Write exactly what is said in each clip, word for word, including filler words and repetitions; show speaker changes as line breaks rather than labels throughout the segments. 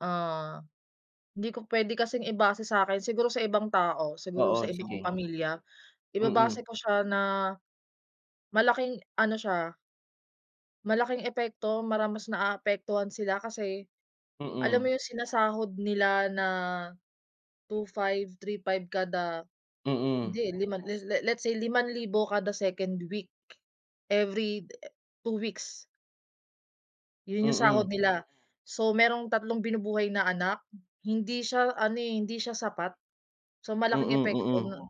Ah. Hindi ko pwede kasing ibase sa’kin, siguro sa ibang tao, siguro sa
Oo,
iba kong
sige.
pamilya, ibabase
Mm.
ko siya na malaking ano siya. malaking epekto, parang mara mas naapektuhan sila kasi alam mo
Mm.
yung sinasahod nila na two five, three five kada
Mm.
'di lima, le let's say limang libo kada second week, every de two weeks. Yun yung
Mm.
sahod nila. So merong tatlong binubuhay na anak. Hindi siya ano, eh, hindi siya sapat, so malaking
Mm,
epekto
mm.
na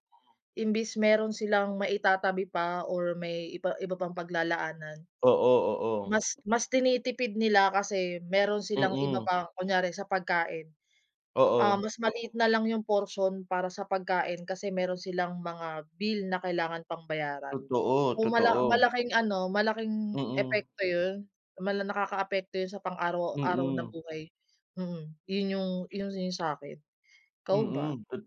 imbis meron silang maitatabi pa or may iba iba pang paglalaanan,
Oo, oo.
mas mas tinitipid nila kasi meron silang iba
Mm.
pa, kunyari sa pagkain, um,
Oo.
mas maliit na lang yung porsiyon para sa pagkain kasi meron silang mga bill na kailangan pang bayaran.
Totoo,
So mala
totoo.
malaking ano, malaking
Mm.
epekto yun. Mala nakakaapekto yun sa pang-araw-araw na
Mm.
buhay, mm, yun yung yun yung sa'kin. Ikaw ba?
Mm, tot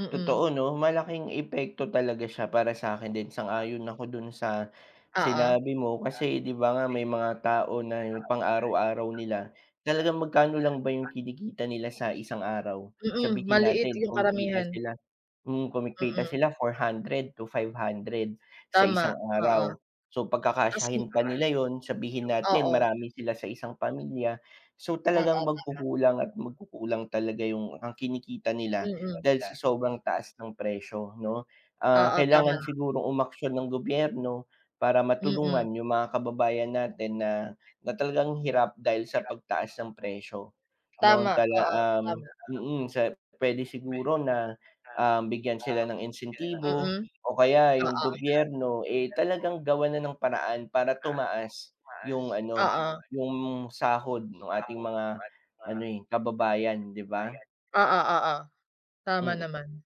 Mm.
totoo 'no, malaking epekto talaga siya para sa'kin din. Sang-ayon ako dun sa
Oo.
sinabi mo kasi 'di ba nga, may mga tao na yung pang-araw-araw nila, talagang magkano lang ba yung kinikita nila sa isang araw?
Mm,
Sabihin
maliit
natin
yung
kumikita
karamihan.
sila, hmm, kumikita
Mm.
sila four hundred to five hundred, sa
Tama,
isang
oo.
araw. So
Tas
pagkakasyahin pa nila ‘yon, sabihin
Oo.
natin
Oo,
marami sila sa isang pamilya, so talagang
tama.
magkukulang at magkukulang talaga yung ang kinikita nila
Mm.
dahil sa sobrang taas ng presyo 'no, ah,
Oo, tama.
kailangan sigurong umaksyon ng gobyerno para matulungan
Mm.
yung mga kababayan natin na na talagang hirap dahil sa pagtaas ng presyo. Noon
Tama.
tala
Oo,
um,
tama.
mm, sa pwede siguro na, um, bigyan sila ng insentibo
Mm.
o kaya yung
Oo.
gobyerno, eh, talagang gawan na ng paraan para tumaas yung ano,
Oo.
yung sahod ng ating mga ano, eh, kababayan 'di ba.
Oo, oo. Tama
Mm.
naman.